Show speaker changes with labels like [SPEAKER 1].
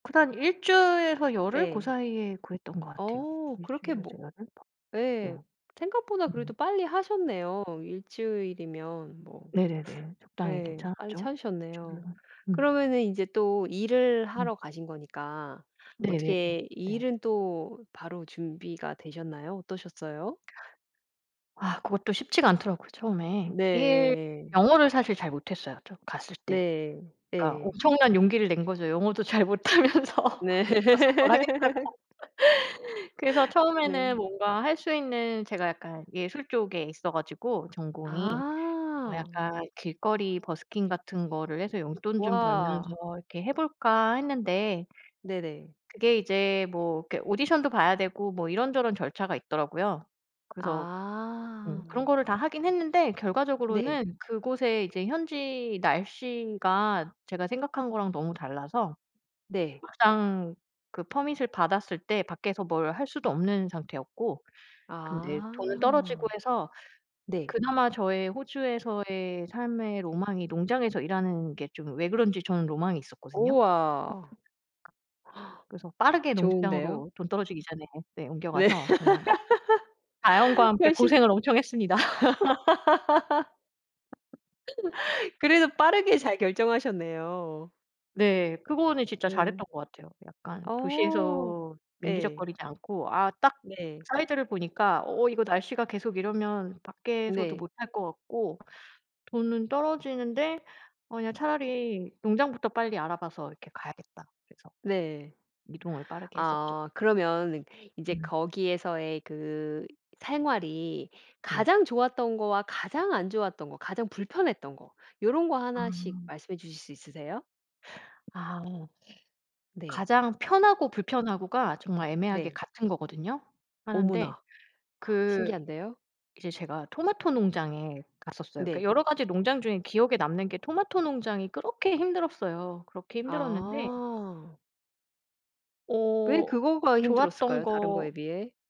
[SPEAKER 1] 그다음 1 주일에서 열흘 고
[SPEAKER 2] 네.
[SPEAKER 1] 사이에 구했던 것 같아요.
[SPEAKER 2] 어
[SPEAKER 1] 1
[SPEAKER 2] 그렇게 뭐
[SPEAKER 1] 주일에서 열흘. 네.
[SPEAKER 2] 예. 생각보다 그래도
[SPEAKER 1] 음.
[SPEAKER 2] 빨리 하셨네요 1 주일이면 뭐
[SPEAKER 1] 네네네. 적당히
[SPEAKER 2] 네 빨리
[SPEAKER 1] 괜찮았죠?
[SPEAKER 2] 찾으셨네요.
[SPEAKER 1] [unintelligible] 음.
[SPEAKER 2] 그러면은 이제 또 일을
[SPEAKER 1] 음.
[SPEAKER 2] 하러 가신 거니까
[SPEAKER 1] 네네네.
[SPEAKER 2] 어떻게
[SPEAKER 1] 네.
[SPEAKER 2] 일은 또 바로 준비가 되셨나요? 어떠셨어요?
[SPEAKER 1] 아 그것도 쉽지가 않더라고요 처음에. 일
[SPEAKER 2] 네.
[SPEAKER 1] 영어를 사실 잘 못했어요 저 갔을 때.
[SPEAKER 2] 네.
[SPEAKER 1] 그러니까
[SPEAKER 2] 네.
[SPEAKER 1] 엄청난 용기를 낸 거죠 영어도 잘 못하면서
[SPEAKER 2] 네.
[SPEAKER 1] 가서 뭘 하겠다고. 그래서 처음에는
[SPEAKER 2] 네.
[SPEAKER 1] 뭔가 할 수 있는 제가 약간 예술 쪽에 있어 가지고 전공이. 뭐
[SPEAKER 2] 아.
[SPEAKER 1] 약간 '길거리 버스킹 같은 거를 해서 용돈 좀 벌면서
[SPEAKER 2] 와.
[SPEAKER 1] 이렇게 해 볼까.' 했는데
[SPEAKER 2] 네네.
[SPEAKER 1] 그게 이제 뭐 이렇게 오디션도 봐야 되고 뭐 이런저런 절차가 있더라고요. 그래서 음 그런
[SPEAKER 2] 아.
[SPEAKER 1] 거를 다 하긴 했는데
[SPEAKER 2] 네.
[SPEAKER 1] 결과적으로는 그곳에 이제 현지 날씨가 제가 생각한 거랑 너무 달라서
[SPEAKER 2] 네.
[SPEAKER 1] 막상 그 퍼밋을 받았을 때 밖에서 뭘 할 수도 없는 상태였고 근데 돈은
[SPEAKER 2] 아.
[SPEAKER 1] 떨어지고 해서
[SPEAKER 2] 네.
[SPEAKER 1] 그나마 저의 호주에서의 삶의 로망이 농장에서 일하는 게 좀 왜 그런지 저는 로망이 있었거든요.
[SPEAKER 2] 우와.
[SPEAKER 1] 그래서 빠르게
[SPEAKER 2] 좋은데요.
[SPEAKER 1] 농장으로 돈 떨어지기 전에 네
[SPEAKER 2] 네.
[SPEAKER 1] 옮겨가서 정말 자연과 함께
[SPEAKER 2] 훨씬
[SPEAKER 1] 고생을 엄청 했습니다.
[SPEAKER 2] 그래도 빠르게 잘 결정하셨네요.
[SPEAKER 1] 네. 그거는 진짜 잘
[SPEAKER 2] 네.
[SPEAKER 1] 했던 것 같아요. 약간
[SPEAKER 2] 어.
[SPEAKER 1] 도시에서
[SPEAKER 2] 예.
[SPEAKER 1] 밍기적거리지 않고 '아 딱
[SPEAKER 2] 네.
[SPEAKER 1] 사이즈를 보니까 어 이거 날씨가 계속 이러면 밖에서도
[SPEAKER 2] 네.
[SPEAKER 1] 못 할 것 같고 돈은 떨어지는데 어 그냥 차라리 농장부터 빨리 알아 봐서 이렇게 가야겠다.' 그래서
[SPEAKER 2] 네.
[SPEAKER 1] 이동을 빠르게 했었죠.
[SPEAKER 2] 아 그러면 이제
[SPEAKER 1] 음.
[SPEAKER 2] 거기에서의 그 생활이
[SPEAKER 1] 네.
[SPEAKER 2] 가장 좋았던 거와 가장 안 좋았던 거 가장 불편했던 거 요런 거 하나씩
[SPEAKER 1] 아.
[SPEAKER 2] 말씀해 주실 수 있으세요?
[SPEAKER 1] 아.
[SPEAKER 2] 네.
[SPEAKER 1] 가장 편하고 불편하고가 정말 애매하게
[SPEAKER 2] 네.
[SPEAKER 1] 같은 거거든요. 하나인데
[SPEAKER 2] 어머나.
[SPEAKER 1] 그
[SPEAKER 2] 신기한데요?
[SPEAKER 1] 이제 제가 토마토 농장에 갔었어요. 그러니까
[SPEAKER 2] 네.
[SPEAKER 1] 여러 가지 농장 중에 기억에 남는 게 토마토 농장이 그렇게 힘들었어요. 그렇게 힘들었는데
[SPEAKER 2] 아. 왜
[SPEAKER 1] 어
[SPEAKER 2] 그거가
[SPEAKER 1] 좋았던
[SPEAKER 2] 힘들었을까요? 다른 거에
[SPEAKER 1] 거
[SPEAKER 2] 비해?